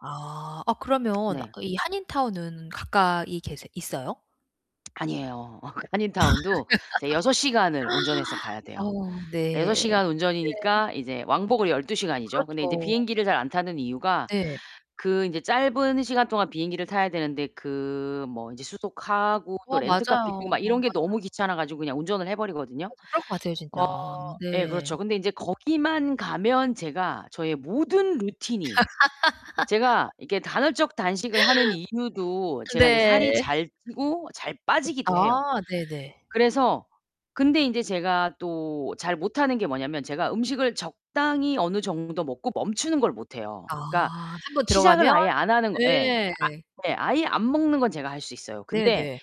아, 아 그러면 네. 이 한인타운은 가까이 계세 있어요? 아니에요. 어 그 한인타운도 이제 6 시간을 운전해서 가야 돼요. 어 6 네. 시간 네. 운전이니까 이제 왕복으로 12 시간이죠. 근데 이제 그렇죠. 비행기를 잘 안 타는 이유가 네. 그 이제 짧은 시간 동안 비행기를 타야 되는데 그 뭐 이제 수속하고 또 어 렌터카 빌리고 맞아요, 막 이런 맞아요. 게 너무 귀찮아 가지고 그냥 운전을 해 버리거든요. 맞아 그럴 것 같아요, 어 진짜. 예. 네. 그렇죠. 근데 인제 거기만 가면 제가 저의 모든 루틴이 제가 이렇게 간헐적 단식을 하는 이유도 제가 인제 살이 네. 잘 찌고 잘 빠지기도 해요. 아 네네. 그래서 근데 인제 제가 또 잘 못하는 게 뭐냐면 제가 음식을 적당히 어느 정도 먹고 멈추는 걸 못 해요. 아. 그러니까 1 번 시작을 들어가면 아예 안 하는 거 예. 예. 아 네. 아예 안 먹는 건 제가 할 수 있어요. 근데 네네.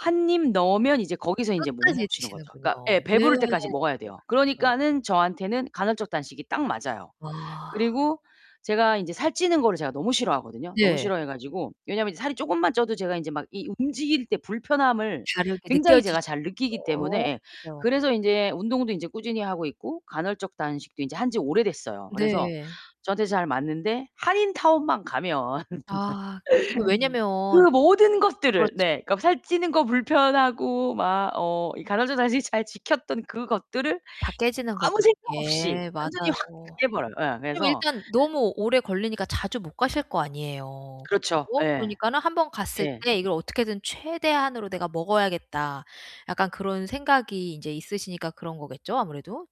1 입 넣으면 이제 거기서 인제 못 끝까지 멈추는 거죠. 그러니까 예. 드시는군요. 네. 배부를 때까지 먹어야 네 돼요. 그렇죠. 그러니까는 저한테는 간헐적 단식이 딱 맞아요. 아. 그리고 제가 인제 살 찌는 거를 제가 너무 싫어하거든요. 너무 예. 싫어해 가지고 왜냐면 인제 살이 쪼끔만 쪄도 제가 인제 막 이 움직일 때 불편함을 다르게 굉장히 느껴지 제가 잘 느끼기 때문에 예. [unintelligible] 그래서 인제 운동도 인제 꾸준히 하고 있고 간헐적 단식도 인제 한 지 오래됐어요. 그래서 네. 저한테 잘 맞는데 한인타운만 가면 아 그게 왜냐면 그 모든 것들을 그렇죠. 네. 살 찌는 거 불편하고 막 어 이 간헐적 단식 잘 지켰던 그것들을 다 깨지는 거죠. 아무 생각 없이 예. 완전히 맞아요. 확 깨 버려요. 예 그럼 그래서 일단 너무 오래 걸리니까 자주 못 가실 거 아니에요. 그렇죠. 그죠. 에. 그러니까는 '1 번 갔을 예. 때 이걸 어떻게든 최대한으로 내가 먹어야겠다.' 약간 그런 생각이 인제 있으시니까 그런 거겠죠, 아무래도?